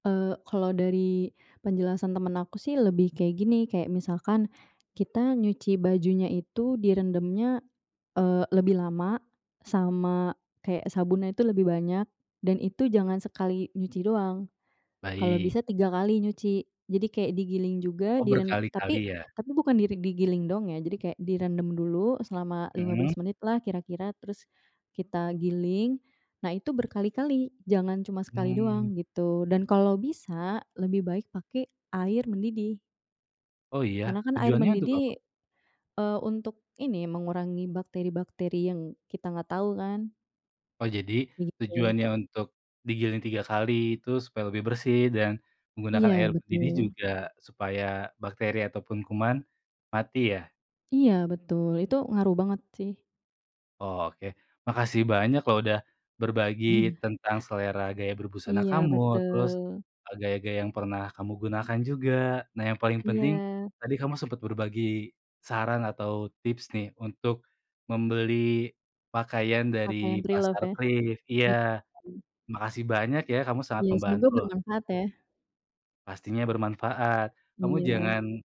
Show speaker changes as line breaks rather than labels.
Eee, kalau dari penjelasan temen aku sih lebih kayak gini, kayak misalkan kita nyuci bajunya itu direndamnya, eee, lebih lama sama kayak sabunnya itu lebih banyak, dan itu jangan sekali nyuci doang, kalau
Baik.
bisa 3 kali nyuci. Jadi kayak digiling juga,
Oh,
di ren
berkali-kali,
tapi
ya.
tapi bukan digiling dong ya, jadi kayak direndam dulu selama lima
Mhm.
belas menit lah kira-kira, terus kita giling. Nah, itu berkali-kali, jangan cuma sekali
Hmm.
doang gitu, dan kalo bisa lebih baik pake air mendidih.
Oh, iya?
Karena kan air
Tujuannya untuk apa?
mendidih, eee, untuk ini mengurangi bakteri-bakteri yang kita gak tau kan.
Oh, jadi
Begitu.
tujuannya untuk digiling 3 kali itu supaya lebih bersih dan
Iya,
menggunakan air mendidih
betul.
juga supaya bakteri ataupun kuman mati ya?
Iya, betul, itu ngaruh banget,q sih.
Oh, oke. Makasih banyak loh udah berbagi
Iya.
tentang selera gaya berbusana
Iya,
kamu terus,
betul.
eee, gaya-gaya yang pernah kamu gunakan juga. Nah, yang paling penting
Iya.
tadi kamu sempat berbagi saran atau tips nih untuk membeli pakaian dari
Pakaian preloved,
pasar
ya.
thrift. Iya.
Iya.
Makasih banyak ya, kamu sangat
Iya, semoga
membantu, loh.
bermanfaat, ya.
Pastinya bermanfaat, kamu
Iya.
jangan